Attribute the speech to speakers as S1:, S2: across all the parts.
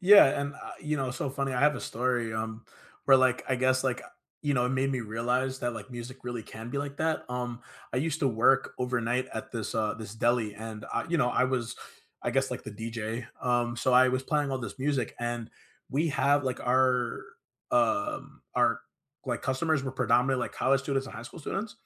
S1: Yeah, and, uh, you know, so funny, I have a story, um, where, like, I guess, like, uh, you know, it made me realize that, like, music really can be like that. Um, I used to work overnight at this, uh, this deli, and I you know, I was I guess like the DJ, um, so I was playing all this music and we have, like, our, um, our like customers were predominantly like college students and high school students.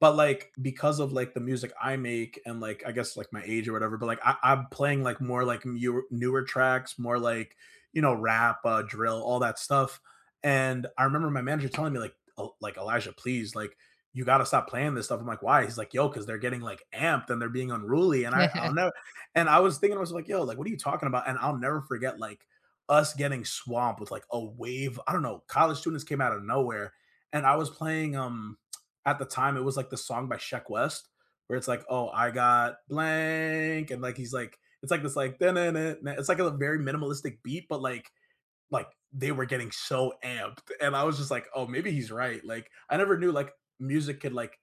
S1: But, like, because of like the music I make and like I guess like my age or whatever, but like I I'm playing like more like newe newer tracks, more like, you know, rap, uh, drill, all that stuff. And I remember my manager telling me like, uh, like, "Elijah, please, like, you gotta stop playing this stuff." I'm like, "Why?" He's like, "Yo, 'cause they're getting like amped and they're being unruly," and I I'll know, and I was thinking I was like, "Yo, like what are you talking about?" And I'll never forget like, us getting swamped with like a wave. I don't know, college students came outta nowhere and I was playing, um, at the time it was like the song by Sheck West where it's like, "Oh, I got blank" and like he's like, it's like this like it's like a very minimalistic beat but like like they were getting so amped and I was just like, "Oh maybe he's right," like I never knew like music could like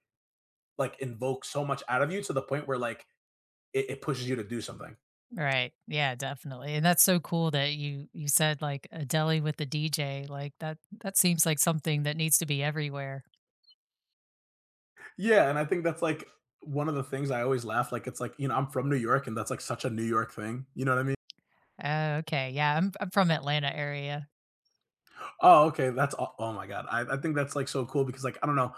S1: like invoke so much out of you to the point where like it it pushes you to do something.
S2: Right, yeah, definitely. And that's so cool that you you said, like, a deli with a DJ like that that seems like something that needs to be everywhere.
S1: Yeah, and I think that's like one of the things I always laugh, like it's like, you know, I'm from New York and that's like such a New York thing. You know what I mea
S2: Oh, okay, yeah, I'm I'm from Atlanta area.
S1: Oh, okay, that's oh, oh my god. I I think that's, like, so cool because, like, I don't know,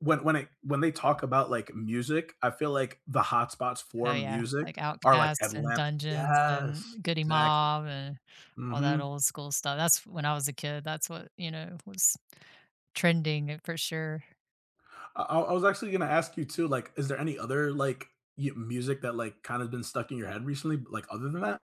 S1: when when it when they talk about, like, music, I feel like the hot spots
S2: Oh
S1: for
S2: yeah,
S1: music
S2: like
S1: are like
S2: Outkast and
S1: Atlantic
S2: Dungeons
S1: Yes,
S2: and Goodie
S1: exactly.
S2: Mob and all that
S1: Mhm.
S2: old school stuff. That's when I was a kid, that's what, you know, was trending, uh, for sure.
S1: I I I was actually gonna ask you too, like, is there any other, like, y music that, like, kinda been stuck in your head recently, like, other than that?